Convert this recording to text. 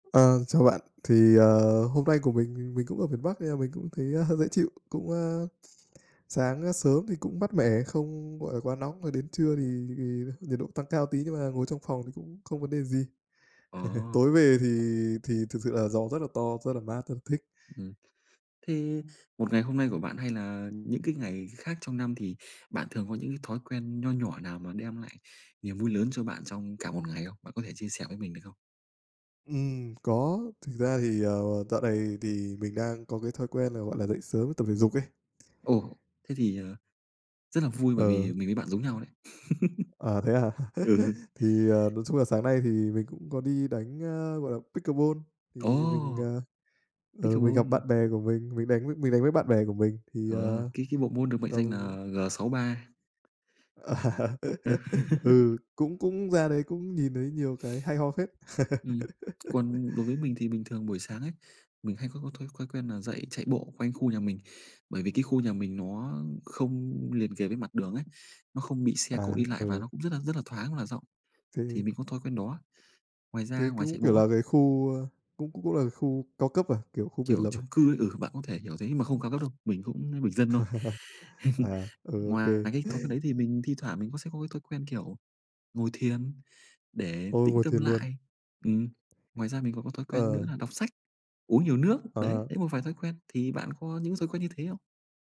Ờ, chào bạn. Thì, ờ, hôm nay của mình, mình cũng ở miền Bắc nên là mình cũng thấy hơi dễ chịu, cũng, a, sáng sớm thì cũng mát mẻ, không gọi là quá nóng rồi đến trưa thì thì nhiệt độ tăng cao tí, nhưng mà ngồi trong phòng thì cũng không vấn đề gì. Ồ! Tối về thì thì thực sự là gió rất là to, rất là mát, rất là thích. Ừm. Thế một ngày hôm nay của bạn hay là những cái ngày khác trong năm thì bạn thường có những cái thói quen nho nhỏ nào mà đem lại niềm vui lớn cho bạn trong cả một ngày không? Bạn có thể chia sẻ với mình được không? Ừm, có. Thực ra thì, ờ, dạo này thì mình đang có cái thói quen là, gọi là, dậy sớm tập thể dục ấy. Ồ! Thế thì, à, rất là vui bởi Ờ. vì mình với bạn giống nhau đấy. À, thế hả? Ừ. Thì, ờ, nói chung là sáng nay thì mình cũng có đi đánh, ơ, gọi là, Pickleball. Thì mình, Ồ! ờ, ờ, mình gặp Pickleball. bạn bè của mình, mình đánh với mình đánh với bạn bè của mình thì, Ờ, ờ, cái cái bộ môn được mệnh danh là tầm G63. Ừ. Ừ, cũng cũng ra đấy cũng nhìn thấy nhiều cái hay ho phết! Ừm, còn đối với mình thì bình thường buổi sáng ấy, mình hay có có thói thói quen là dậy chạy bộ quanh khu nhà mình. Bởi vì cái khu nhà mình nó không liền kề với mặt đường ấy, nó không bị xe cộ À, đi lại và ừ. nó cũng rất là rất là thoáng và rộng, Thì thì mình có thói quen đó. Ngoài ra, Cái cái ngoài chạy cũng kiểu bộ ấy là cái khu, ơ cũng cũng là khu cao cấp à? Kiểu khu biệt Kiểu lập chung à? cư, ừ, bạn có thể hiểu thế mà không cao cấp đâu, mình cũng bình dân thôi. À, ừ, OK. Ngoài cái thói quen đấy thì mình thi thoảng mình sẽ có cái thói quen, kiểu, ngồi thiền để Ôi, tĩnh ngồi tâm thiền luôn. lại. Ừm. Ngoài ra mình còn có thói quen nữa Ờ. là đọc sách, uống nhiều nước, đấy, Ờ. đấy, một vài thói quen, thì bạn có những thói quen như thế không?